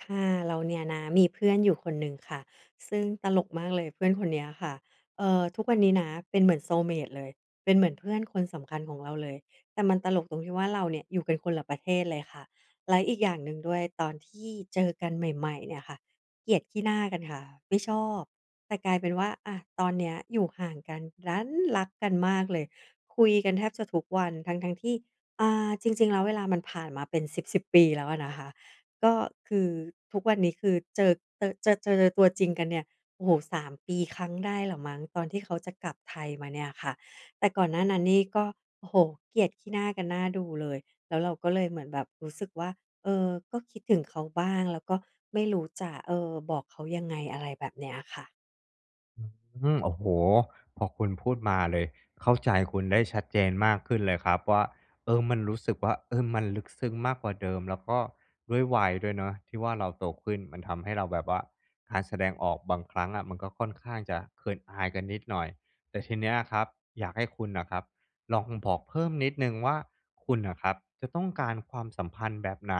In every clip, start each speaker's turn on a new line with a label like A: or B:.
A: ค่ะ เราเนี่ยนะมีเพื่อนอยู่คนหนึ่งค่ะ ซึ่งตลกมากเลยเพื่อนคนเนี้ยค่ะ เออ ทุกวันนี้นะเป็นเหมือน soulmate เลย เป็นเหมือนเพื่อนคนสำคัญของเราเลย แต่มันตลกตรงที่ว่า เราเนี่ยอยู่กันคนละประเทศเลยค่ะ และอีกอย่างหนึ่งด้วยตอนที่เจอกันใหม่ ๆ เนี่ยค่ะ เกลียดขี้หน้ากันค่ะ ไม่ชอบ แต่กลายเป็นว่า อะ ตอนเนี้ยอยู่ห่างกันดันรักกันมากเลย คุยกันแทบจะทุกวัน ทั้ง ๆ ที่ อ่า จริง ๆ แล้วเวลามันผ่านมาเป็นสิบ ๆ ปีแล้วอะนะคะ ก็คือ ทุกวันนี้คือเจอเตอะ เจอ เจอตัวจริง ๆ กันเนี่ย โอ้โฮ 3 ปีครั้งได้ล่ะมั้ง ตอนที่เขาจะกลับไทยมาเนี่ยค่ะ แต่ก่อนหน้านั้นนี่ก็ โอ้โฮ เกลียดขี้หน้ากันน่าดูเลย แล้วเราก็เลยเหมือนแบบรู้สึกว่า เออ ก็คิดถึงเขาบ้างแล้วก็ไม่รู้จะ เออ บอกเขายังไง อะไรแบบเนี้ยค่ะ
B: อืม โอ้โฮ พอคุณพูดมาเลย เข้าใจคุณได้ชัดเจนมากขึ้นเลยครับว่า เออ มันรู้สึกว่า เออ มันลึกซึ้งมากกว่าเดิม แล้วก็ด้วยวัยด้วยเนาะที่ว่าเราโตขึ้น มันทำให้เราแบบว่า การแสดงออกบางครั้งอะ มันก็ค่อนข้างจะเขินอายกันนิดหน่อย แต่ทีเนี้ยครับอยากให้คุณน่ะครับลองบอกเพิ่มนิดหนึ่งว่า คุณน่ะครับจะต้องการความสัมพันธ์แบบไหน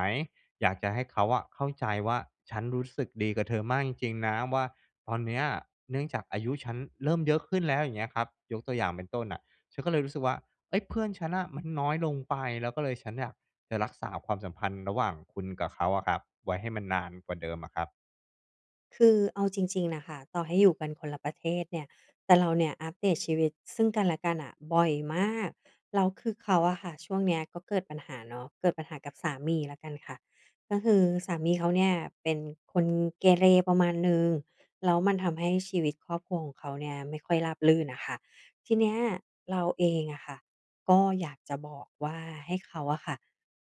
B: อยากจะให้เขาอะเข้าใจว่าฉันรู้สึกดีกับเธอมากจริง ๆ นะว่า ตอนเนี้ยเนื่องจากอายุฉันเริ่มเยอะขึ้นแล้วอย่างเงี้ยครับ ยกตัวอย่างเป็นต้นน่ะ ฉันก็เลยรู้สึกว่า เฮ้ย เพื่อนฉันน่ะมันน้อยลงไป แล้วก็เลยฉันเนี่ยจะรักษาความสัมพันธ์ระหว่างคุณกับเขาอะครับ ไว้ให้มันนานกว่าเดิมอะครับ
A: คือเอาจริง ๆ น่ะค่ะ ต่อให้อยู่กันคนละประเทศเนี่ย แต่เราเนี่ยอัพเดทชีวิตซึ่งกันและกันน่ะบ่อยมาก แล้วคือเขาอะค่ะ ช่วงเนี้ยก็เกิดปัญหาเนาะ เกิดปัญหากับสามีแล้วกันค่ะ ก็คือสามีเขาเนี่ยเป็นคนเกเรประมาณหนึ่ง แล้วมันทำให้ชีวิตครอบครัวของเขาเนี่ยไม่ค่อยราบรื่นอะค่ะ ทีเนี้ยเราเองอะค่ะก็อยากจะบอกว่าให้เขาอะค่ะ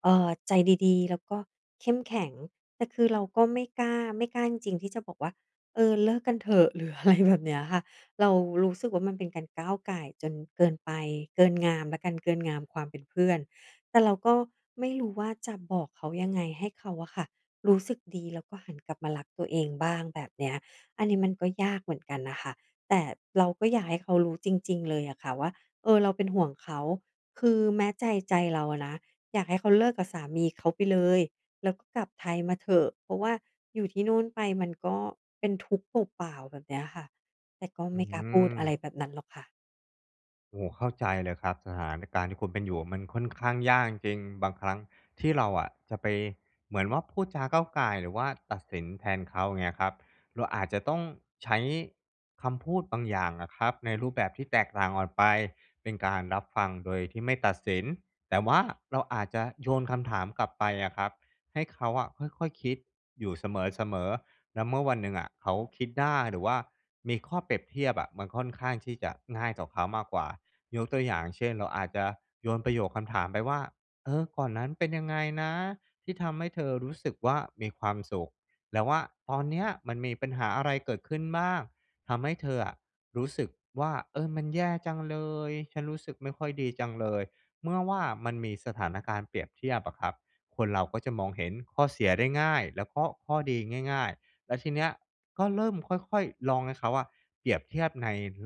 A: เออ ใจดี ๆ แล้วก็เข้มแข็ง แต่คือเราก็ไม่กล้า ไม่กล้าจริง ๆ ที่จะบอกว่า "เออ เลิกกันเถอะ" หรืออะไร แบบเนี้ยค่ะ เรารู้สึกว่า มันเป็นการก้าวก่ายจนเกินไป เกินงามแล้วกัน เกินงามความเป็นเพื่อน แต่เราก็ไม่รู้ว่าจะบอกเขายังไงให้เขาอะค่ะรู้สึกดี แล้วก็หันกลับมารักตัวเองบ้าง แบบเนี้ย อันนี้มันก็ยากเหมือนกันน่ะค่ะ แต่เราก็อยากให้เขารู้จริง ๆ เลยอะค่ะว่า เออ เราเป็นห่วงเขา คือแม้ใจ ใจเราอะนะ อยากให้เขาเลิกกับสามีเขาไปเลย แล้วก็กลับไทยมาเถอะ เพราะว่าอยู่ที่นู่นไปมันก็เป็นทุกข์เปล่า ๆ แบบเนี้ยค่ะ แต่ก็
B: อ
A: ไ
B: ื
A: ม่กล้าพูดอะไร
B: ม
A: แบบนั้นหรอกค่ะ
B: โอ้โฮ เข้าใจเลยครับ สถานการณ์ที่คุณเป็นอยู่อะมันค่อนข้างยากจริง ๆ บางครั้งที่เราอะจะไปเหมือนว่าพูดจาก้าวก่าย หรือว่าตัดสินแทนเขาเงี้ยครับ เราอาจจะต้องใช้คำพูดบางอย่างอะครับ ในรูปแบบที่แตกต่างออดไป เช่น การรับฟังโดยที่ไม่ตัดสิน แต่ว่าเราอาจจะโยนคำถามกลับไปอะครับ ให้เขาอะค่อย ๆ คิดอยู่เสมอ ๆ แล้วเมื่อวันหนึ่งอะเขาคิดได้ หรือว่ามีข้อเปรียบเทียบอะ มันค่อนข้างที่จะง่ายต่อเขามากกว่า ยกตัวอย่าง เช่น เราอาจจะโยนประโยคคำถามไปว่า "เออ ก่อนนั้นเป็นยังไงนะ ที่ทำให้เธอรู้สึกว่ามีความสุข แต่ว่าตอนเนี้ยมันมีปัญหาอะไรเกิดขึ้นบ้าง ทำให้เธออะรู้สึกว่า เออ มันแย่จังเลย ฉันรู้สึกไม่ค่อยดีจังเลย" เมื่อว่ามันมีสถานการณ์เปรียบเทียบอะครับ คนเราก็จะมองเห็นข้อเสียได้ง่ายและก็ข้อดีง่าย ๆ และทีเนี้ยก็เริ่มค่อย ๆ ลองให้เขาอะเปรียบเทียบในลึ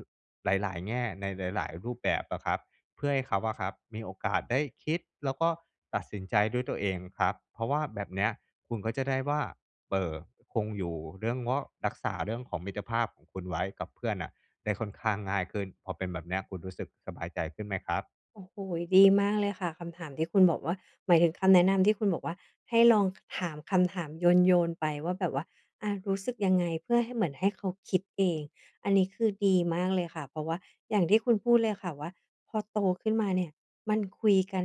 B: หลาย ๆ แง่ ในหลาย ๆ รูปแบบอะครับ เพื่อให้เขาอะครับมีโอกาสได้คิด แล้วก็ตัดสินใจด้วยตัวเองครับ เพราะว่าแบบเนี้ยคุณก็จะได้ว่า เอ่อ คงอยู่เรื่องว่า รักษาเรื่องของมิตรภาพของคุณไว้กับเพื่อนน่ะได้ค่อนข้างง่ายขึ้น พอเป็นแบบเนี้ย คุณรู้สึกสบายใจขึ้นไหมครับ?
A: โอ้โฮ ดีมากเลยค่ะ คำถามที่คุณบอกว่า หมายถึงคำแนะนำที่คุณบอกว่า ให้ลองหามคำถามโยน ๆ ไปว่าแบบว่า อะ รู้สึกยังไงเพื่อให้เหมือนให้เขาคิดเอง อันนี้คือดีมากเลยค่ะ เพราะว่าอย่างที่คุณพูดเลยค่ะว่า พอโตขึ้นมาเนี่ยมันคุยกัน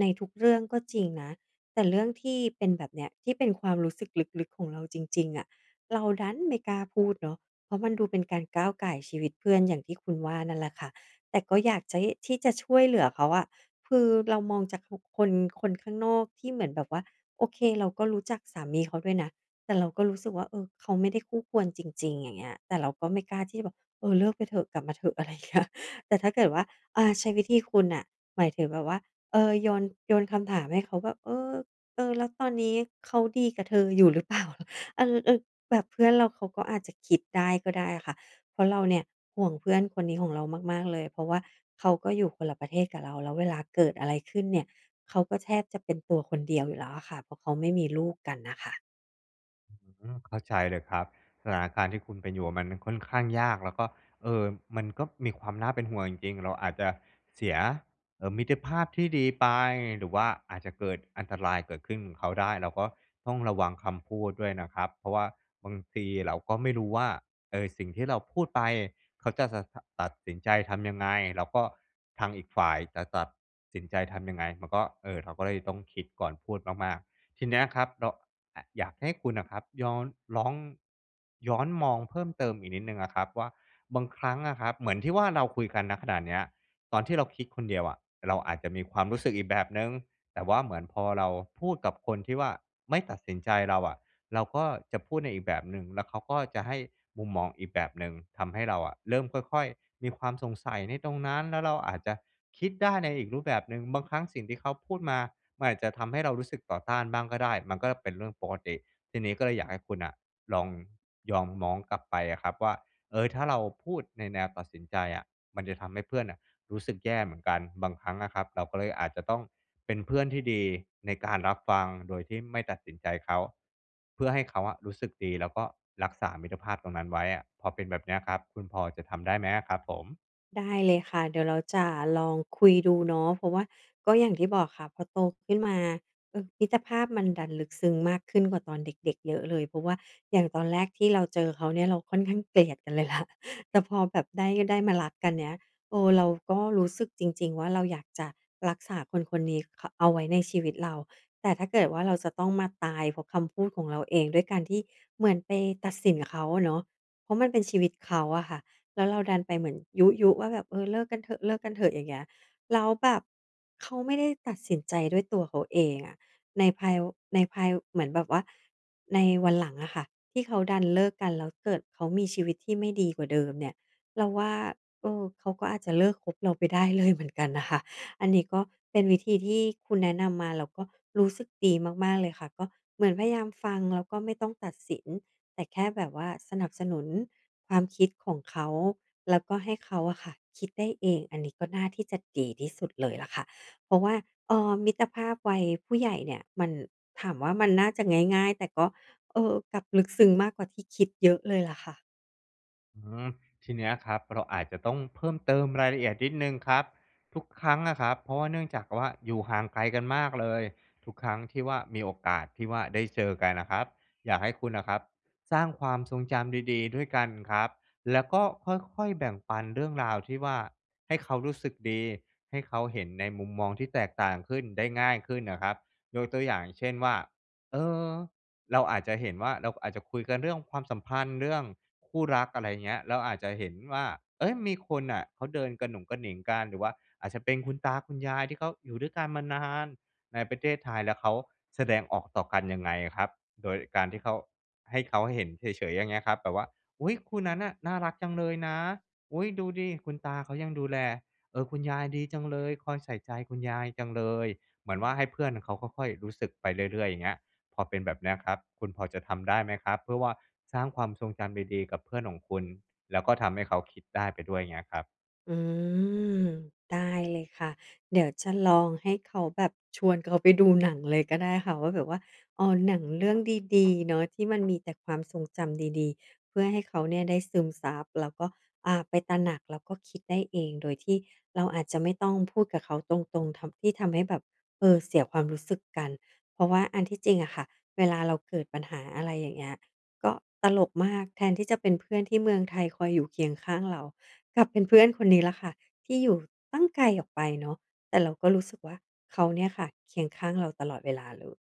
A: ในทุกเรื่องก็จริงนะ แต่เรื่องที่เป็นแบบเนี้ย ที่เป็นความรู้สึกลึก ๆ ของเราจริง ๆ อะ เราดันไม่กล้าพูดเนาะ เพราะมันดูเป็นการก้าวก่ายชีวิตเพื่อน อย่างที่คุณว่านั่นแหละค่ะ แต่ก็อยากจะให้ ที่จะช่วยเหลือเขาอะ คือเรามองจากทุกคน คนข้างนอกที่เหมือนแบบว่า โอเค เราก็รู้จักสามีเขาด้วยนะ แต่เราก็รู้สึกว่า เออ เขาไม่ได้คู่ควรจริง ๆ อย่างเงี้ย แต่เราก็ไม่กล้าที่จะแบบ "เออ เลิกไปเถอะ กลับมาเถอะ" อะไรอย่างเงี้ย แต่ถ้าเกิดว่า อ่า ใช้วิธีคุณน่ะ หมายถึงแบบว่า เออ โยน โยนคำถามให้เขาแบบ "เออ เออ แล้วตอนนี้เขาดีกับเธออยู่หรือ เปล่า?" อัล เออ แบบเพื่อนเราเขาก็อาจจะคิดได้ก็ได้อะค่ะ เพราะเราเนี่ยห่วงเพื่อนคนนี้ของเรามาก ๆ เลย เพราะว่าเขาก็อยู่คนละประเทศกับเรา แล้วเวลาเกิดอะไรขึ้นเนี่ย เขาก็แทบจะเป็นตัวคนเดียวอยู่แล้วอะค่ะ เพราะเขาไม่มีลูกกันน่ะค่ะ
B: อื้อฮือ เข้าใจเลยครับ สถานการณ์ที่คุณเป็นอยู่อะ มันน่ะค่อนข้างยาก แล้วก็ เออ มันก็มีความน่าเป็นห่วงจริง ๆ เราอาจจะเสีย เออ มิตรภาพ ที่ดีไป หรือว่าอาจจะเกิดอันตราย เกิดขึ้นเขาได้ เราก็ต้องระวังคำพูดด้วยนะครับ เพราะว่าบางปีเราก็ไม่รู้ว่า เออ สิ่งที่เราพูดไป เขาจะสะ ตะ ตัดสินใจทำยังไง? แล้วก็ทางอีกฝ่ายจะตัดสินใจทำยังไง? มันก็ เออ เราก็เลยต้องคิดก่อนพูดมาก ๆ ทีเนี้ยครับ เรา อะอยากให้คุณน่ะครับย้อน ร้อง ย้อนมองเพิ่มเติมอีกนิดหนึ่งอะครับว่า บางครั้งอะครับ เหมือนที่ว่าเราคุยกัน ณ ขณะเนี้ย ตอนที่เราคิดคนเดียวอะ เราอาจจะมีความรู้สึกอีกแบบหนึ่ง แต่ว่าเหมือนพอเราพูดกับคนที่ว่า ไม่ตัดสินใจเราอะ เราก็จะพูดในอีกแบบหนึ่ง แล้วเขาก็จะให้มุมมองอีกแบบหนึ่ง ทำให้เราอะเริ่มค่อย ๆ มีความสงสัยในตรงนั้น แล้วเราอาจจะคิดได้ในอีกรูปแบบหนึ่ง บางครั้งสิ่งที่เขาพูดมา มันอาจจะทำให้เรารู้สึกต่อต้านบ้างก็ได้ มันก็เป็นเรื่องปกติ ทีนี้ก็เลยอยากให้คุณน่ะ ลอง มองย้อน กลับไปอะครับว่า เออ ถ้าเราพูดในแนวตัดสินใจอะ มันจะทำให้เพื่อนน่ะรู้สึกแย่เหมือนกัน บางครั้งอะครับเราก็เลยอาจจะต้องเป็นเพื่อนที่ดีในการรับฟังโดยที่ไม่ตัดสินใจเขา เพื่อให้เขาอะรู้สึกดี แล้วก็รักษามิตรภาพตรงนั้นไว้อะ พอเป็นแบบเนี้ยครับ คุณพอจะทำได้ไหมอะครับผม?
A: ได้เลยค่ะ เดี๋ยวเราจะลองคุยดูเนาะ เพราะว่าก็อย่างที่บอกค่ะ พอโตขึ้นมา เออ มิตรภาพมันดันลึกซึ้งมากขึ้นกว่าตอนเด็ก ๆ เยอะเลย เพราะว่าอย่างตอนแรกที่เราเจอเขาเนี่ย เราค่อนข้างเกลียดกันเลย ล่ะ แต่พอแบบได้ ได้มารักกันเนี้ย เออ เราก็รู้สึกจริง ๆ ว่าเราอยากจะรักษาคน ๆ นี้ คะ เอาไว้ในชีวิตเรา แต่ถ้าเกิดว่าเราจะต้องมาตายเพราะคำพูดของเราเอง ด้วยการที่เหมือนไปตัดสินเขาอะเนาะ เพราะมันเป็นชีวิตเขาอะค่ะ แล้วเราดันไปเหมือนยุ ๆ ว่าแบบ "เออ เลิกกันเถอะ เลิกกันเถอะ" อย่างเงี้ย แล้วแบบเขาไม่ได้ตัดสินใจด้วยตัวเขาเองอะ ในภายอู ในภายอู เหมือนแบบว่า ในวันหลังอะค่ะที่เขาดันเลิกกัน แล้วเกิดเขามีชีวิตที่ไม่ดีกว่าเดิมเนี่ย เราว่า เออ เขาก็อาจจะเลิกคบเราไปได้ เลย เหมือนกันน่ะค่ะ อันนี้ก็เป็นวิธีที่คุณแนะนำมา เราก็รู้สึกดีมาก ๆ เลยค่ะ ก็เหมือนพยายามฟัง แล้วก็ไม่ต้องตัดสิน แต่แค่แบบว่าสนับสนุนความคิดของเขา แล้วก็ให้เขาอะค่ะคิดได้เอง อันนี้ก็น่าที่จะเก๋ที่สุดเลยล่ะค่ะ เพราะว่า เออ มิตรภาพวัยผู้ใหญ่เนี่ย มัน ถามว่ามันน่าจะง่าย ๆ แต่ก็ เออ กลับลึกซึ้งมากกว่าที่คิดเยอะเลยล่ะค่ะ
B: อืม ทีเนี้ยครับ เราอาจจะต้องเพิ่มเติมรายละเอียดนิดหนึ่งครับ ทุกครั้งอะครับ เพราะว่าเนื่องจากว่าอยู่ห่างไกลกันมากเลย ทุกครั้งที่ว่ามีโอกาสที่ว่าได้เจอกันอะครับ อยากให้คุณอะครับสร้างความทรงจำดี ๆ ด้วยกันครับ แล้วก็ค่อย ๆ แบ่งปันเรื่องราวที่ว่าให้เขารู้สึกดี ให้เขาเห็นในมุมมองที่แตกต่างขึ้นได้ง่ายขึ้นอะครับ ยกตัวอย่างเช่นว่า เออ เราอาจจะเห็นว่า เราอาจจะคุยกันเรื่องความสัมพันธ์ เรื่องคู่รัก อะไรอย่างเงี้ย เราอาจจะเห็นว่า เฮ้ย! มีคนน่ะเขาเดินกะหนุงกะหนิงกัน หรือว่าอาจจะเป็นคุณตาคุณยายที่เขาอยู่ด้วยกันมานานในประเทศไทย แล้วเขาแสดงออกต่อกันยังไงอะครับ โดยการที่เขา ให้เขาเห็นเฉย ๆ อย่างเงี้ยครับ แบบว่า "อุ๊ย! คู่นั้นน่ะน่ารักจังเลยนะ อุ๊ย! ดูสิคุณตาเขายังดูแล เออ คุณยายดีจังเลย คอยใส่ใจคุณยายจังเลย" เหมือนว่าให้เพื่อนเขาค่อย ๆ รู้สึกไปเรื่อย ๆ อย่างเงี้ย พอเป็นแบบเนี้ยครับ คุณพอจะทำได้ไหมครับ? เพื่อว่าสร้างความทรงจำดี ๆ กับเพื่อนของคุณ แล้วก็ทำให้เขาคิดได้ไปด้วยเงี้ยครับ
A: อืม ได้เลยค่ะ เดี๋ยวจะลองให้เขาแบบ ชวนเขาไปดูหนังเลยก็ได้ค่ะว่า แบบว่า อ้อ หนังเรื่องดี ๆ เนาะที่มันมีแต่ความทรงจำดี ๆ เพื่อให้เขาเนี่ยได้ซึมซับแล้วก็ อ่า ไปตระหนัก แล้วก็คิดได้เองโดยที่เราอาจจะไม่ต้องพูดกับเขาตรง ๆ ทำ ที่ทำให้แบบ เออ เสียความรู้สึกกัน เพราะว่าอันที่จริงอะค่ะเวลาเราเกิดปัญหา อะไรอย่างเงี้ย ก็ตลกมาก แทนที่จะเป็นเพื่อนที่เมืองไทยคอยอยู่เคียงข้างเรา กลับเป็นเพื่อนคนนี้แหละค่ะที่อยู่ตั้งไกลออกไปเนาะ แต่เราก็รู้สึกว่า เขาเนี่ยค่ะเคียงข้างเราตลอดเวลาเลย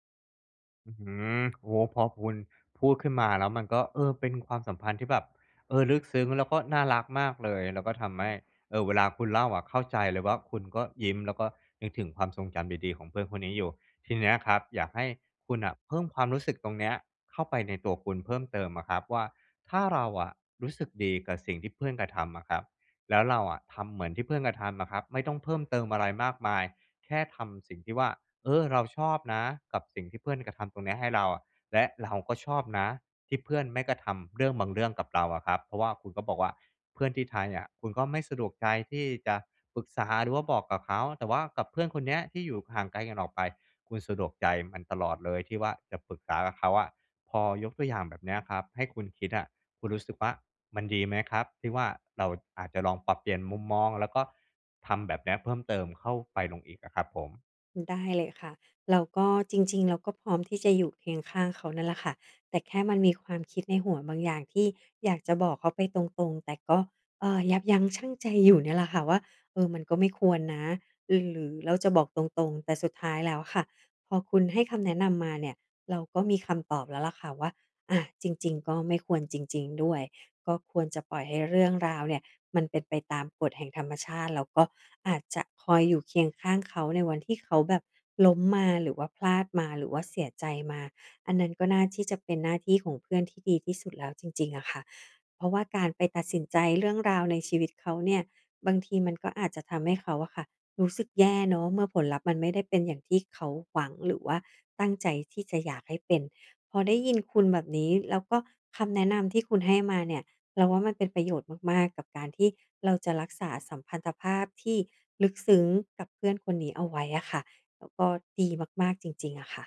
B: อื้อฮือ โอ้โฮ พอคุณพูดขึ้นมาแล้วมันก็ เออ เป็นความสัมพันธ์ที่แบบ เออ ลึกซึ้งแล้วก็น่ารักมากเลย แล้วก็ทำให้ เอ่อ เวลาคุณเล่าอะเข้าใจเลยว่า คุณก็ยิ้ม แล้วก็นึกถึงความทรงจำดี ๆ ของเพื่อนคนนี้อยู่ ทีเนี้ยครับอยากให้คุณน่ะเพิ่มความรู้สึกตรงเนี้ยเข้าไปในตัวคุณเพิ่มเติมอะครับว่า ถ้าเราอะรู้สึกดีกับสิ่งที่เพื่อนกระทำอะครับ แล้วเราอะทำเหมือนที่เพื่อนกระทำอะครับ ไม่ต้องเพิ่มเติมอะไรมากมาย แค่ทำสิ่งที่ว่า เออ เราชอบนะ กับสิ่งที่เพื่อนกระทำตรงเนี้ยให้เราอะ และเราก็ชอบนะที่เพื่อนไม่กระทำเรื่องบางเรื่องกับเราอะครับ เพราะว่าคุณก็บอกว่า เพื่อนที่ไทยเนี่ยคุณก็ไม่สะดวกใจที่จะปรึกษาหรือว่าบอกกับเขา แต่ว่ากับเพื่อนคนเนี้ยที่อยู่ห่างไกลกันออกไปคุณสะดวกใจมัน ตลอดเลยที่ว่า จะปรึกษากับเขาอะ พอยกตัวอย่างแบบเนี้ยครับให้คุณคิดอะ คุณรู้สึกว่า มันดีไหมครับ? ที่ว่า เราอาจจะลองปรับเปลี่ยนมุมมองแล้วก็ทำแบบเนี้ยเพิ่มเติมเข้าไปลง อีกอะครับผม?
A: อือ ได้เลยค่ะ แล้วก็จริง ๆ เราก็พร้อมที่จะอยู่เคียงข้างเขานั่นแหละค่ะ แต่แค่มันมีความคิดในหัวบางอย่างที่อยากจะบอกเขาไปตรง ๆ แต่ก็ เอ่อ ยับยั้งชั่งใจอยู่เนี่ยแหละค่ะว่า เออ มันก็ไม่ควรนะ รือ หรือเราจะบอกตรง ๆ แต่สุดท้ายแล้วค่ะพอคุณให้คำแนะนำมาเนี่ย เราก็มีคำตอบแล้วแหละค่ะว่า อา จริง ๆ ก็ไม่ควรจริง ๆ ด้วย ก็ควรจะปล่อยให้เรื่องราวเนี่ยมันเป็นไปตามกฎแห่งธรรมชาติ แล้วก็อาจจะคอยอยู่เคียงข้างเขาในวันที่เขาแบบล้มมา หรือว่าพลาดมา หรือว่าเสียใจมา อันนั้นก็น่าที่จะเป็นหน้าที่ของเพื่อนที่ดีที่สุดแล้วจริง ๆ อะค่ะ เพราะว่าการไปตัดสินใจเรื่องราวในชีวิตเขาเนี่ย บางทีมันก็อาจจะทำให้เขาอะค่ะรู้สึกแย่เนาะ เมื่อผลลัพธ์มันไม่ได้เป็นอย่างที่เขาหวัง หรือว่าตั้งใจที่จะอยากให้เป็น พอได้ยินคุณแบบนี้ แล้วก็คำแนะนำที่คุณให้มาเนี่ยเราว่า มันเป็นประโยชน์มาก ๆ กับการที่เราจะรักษาสัมพันธภาพที่ลึกซึ้งกับเพื่อนคนนี้เอาไว้อะค่ะ แล้วก็ดีมาก ๆ จริง ๆ อะค่ะ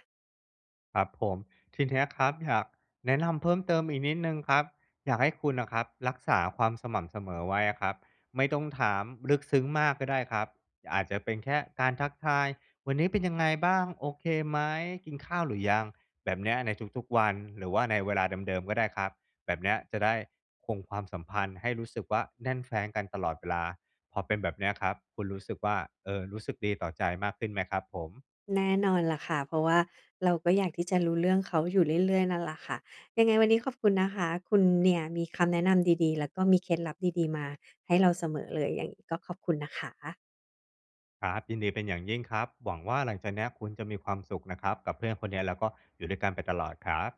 B: ครับผม ทีเนี้ยครับอยากแนะนำเพิ่มเติมอีกนิดหนึ่งครับ อยากให้คุณน่ะครับรักษาความสม่ำเสมอไว้อะครับ ไม่ต้องถามลึกซึ้งมากก็ได้ครับ อาจจะเป็นแค่การทักทาย "วันนี้เป็นยังไงบ้าง? โอเคไหม? กินข้าวหรือยัง?" แบบเนี้ยในทุก ๆ วัน หรือว่าในเวลาเดิม ๆ ก็ได้ครับ แบบเนี้ยจะได้คงความสัมพันธ์ให้รู้สึกว่า แน่นแฟ้นกันตลอดเวลา พอเป็นแบบเนี้ยครับคุณรู้สึกว่า เออ รู้สึกดีต่อใจมากขึ้นไหมครับผม?
A: แน่นอนแหละค่ะ เพราะว่าเราก็อยากที่จะรู้เรื่องเขาอยู่เรื่อย ๆ นั่นแหละค่ะ ยังไงวันนี้ขอบคุณนะคะ คุณเนี่ยมีคำแนะนำดี ๆ แล้วก็มีเคล็ดลับดี ๆ มาให้เราเสมอเลย ยัง ก็ขอบคุณนะคะ
B: ครับ ยินดีเป็นอย่างยิ่งครับ หวังว่า หลังจากเนี้ยคุณจะมีความสุขนะครับกับเพื่อนคนเนี้ย แล้วก็อยู่ด้วยกันไปตลอดครับ